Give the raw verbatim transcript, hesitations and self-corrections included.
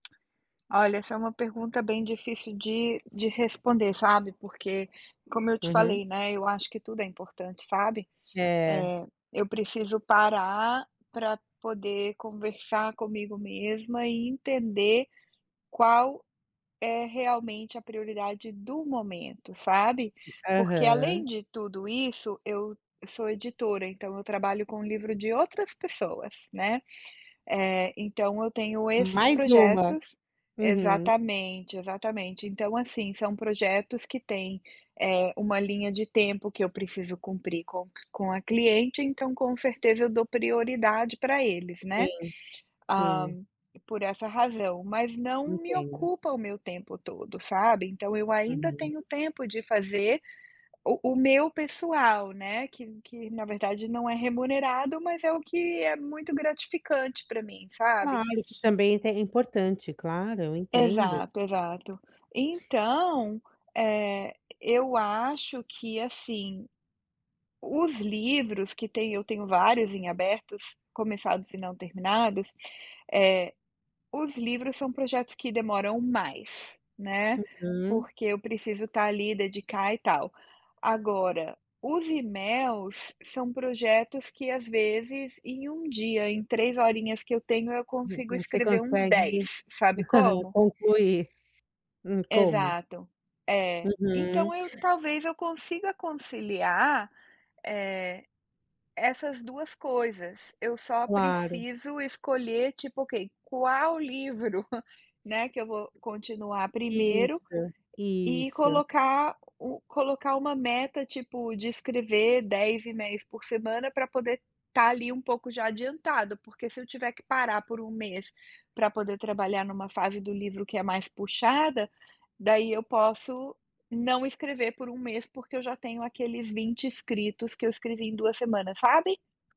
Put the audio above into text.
Olha, essa é uma pergunta bem difícil de de responder, sabe, porque como eu te Uhum. falei, né, eu acho que tudo é importante, sabe, È. eh, eu preciso parar pra poder conversar comigo mesma e entender qual é realmente a prioridade do momento, sabe. Porque, Aham. além de tudo isso, eu eu sou editora, então eu trabalho com o livro de outras pessoas, né, eh, então eu tenho esses Mais uma. projetos Uhum. exatamente, exatamente. Então, assim, são projetos que têm, eh, uma linha de tempo que eu preciso cumprir com com a cliente, então, com certeza, eu dou prioridade pra eles, né, Sim, hã, sim. por essa razão. Mas não me Entendo. ocupa o meu tempo todo, sabe, então eu ainda Uhum. tenho tempo de fazer o o meu pessoal, né, que que na verdade, não é remunerado, mas é o que é muito gratificante pra mim, sabe. Claro que também tem é importante, claro, eu entendo. Exato, exato. Então, eh, eu acho que, assim, os livros que têm eu tenho vários em abertos, começados e não terminados. Eh, os livros são projetos que demoram mais, né, Uhum. porque eu preciso tá ali, dedicar e tal. Agora, os e-mails são projetos que, às vezes, em um dia, em três horinhas que eu tenho, eu Exat consigo você escrever uns consegue dez. Sabe como? concluir. Hum, como? Exato. É. Uhum. Então eu talvez eu consiga conciliar, eh, essas duas coisas, eu só Claro. preciso escolher, tipo: "Ok, qual livro", né, "...que eu vou continuar primeiro?" Isso, e isso. colocar u colocar uma meta, tipo, de escrever dez e-mails por semana pra poder estar ali um pouco já adiantado, porque se eu tiver que parar por um mês pra poder trabalhar numa fase do livro que é mais puxada, daí eu posso não escrever por um mês, porque eu já tenho aqueles vinte escritos, que eu escrevi em duas semanas, sabe.